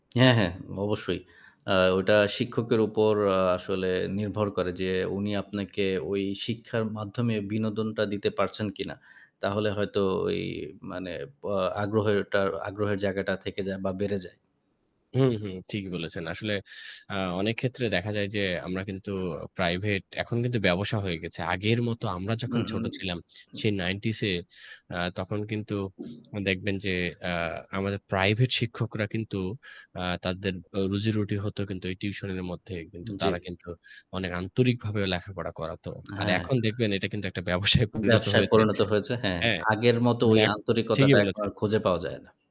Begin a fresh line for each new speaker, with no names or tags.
হ্যাঁ হ্যাঁ, অবশ্যই। আ ওইটা শিক্ষকের উপর আসলে নির্ভর করে যে, উনি আপনাকে ওই শিক্ষার মাধ্যমে বিনোদনটা দিতে পারছেন কিনা। তাহলে হয়তো এই মানে বা আগ্রহের ওটা আগ্রহের জায়গাটা থেকে যায় বা বেড়ে যায়।
হুম, হুম। ঠিকই বলেছেন। আসলে, আ অনেক ক্ষেত্রে দেখা যায় যে আমরা কিন্তু প্রাইভেট এখন কিন্তু ব্যাবসা হয়ে গেছে। আগের মতো, আমরা
উ
যখন ছোট ছিলাম,
উ
সেই '90s-এ, আ তখন কিন্তু দেখবেন যে আ আমাদের প্রাইভেট শিক্ষকরা কিন্তু আ তাদের ও রুজি-রুটি হতো কিন্তু এই টিউশনের মধ্যে, কিন্তু
জী।
তারা কিন্তু অনেক আন্তরিকভাবেও লেখাপড়া করাতো।
আ
আর
হ্যাঁ।
এখন দেখবেন এটা কিন্তু একটা ব্যবসায় পরিণত
ব্যবসায়
হয়েছে,
পরিণত হয়েছে, হ্যাঁ।
হ্যাঁ?
আগের মতো
মানে
ওই
এখ ঠিকই
আন্তরিকতাটা এখন আর
বলেছেন।
খুঁজে পাওয়া যায় না।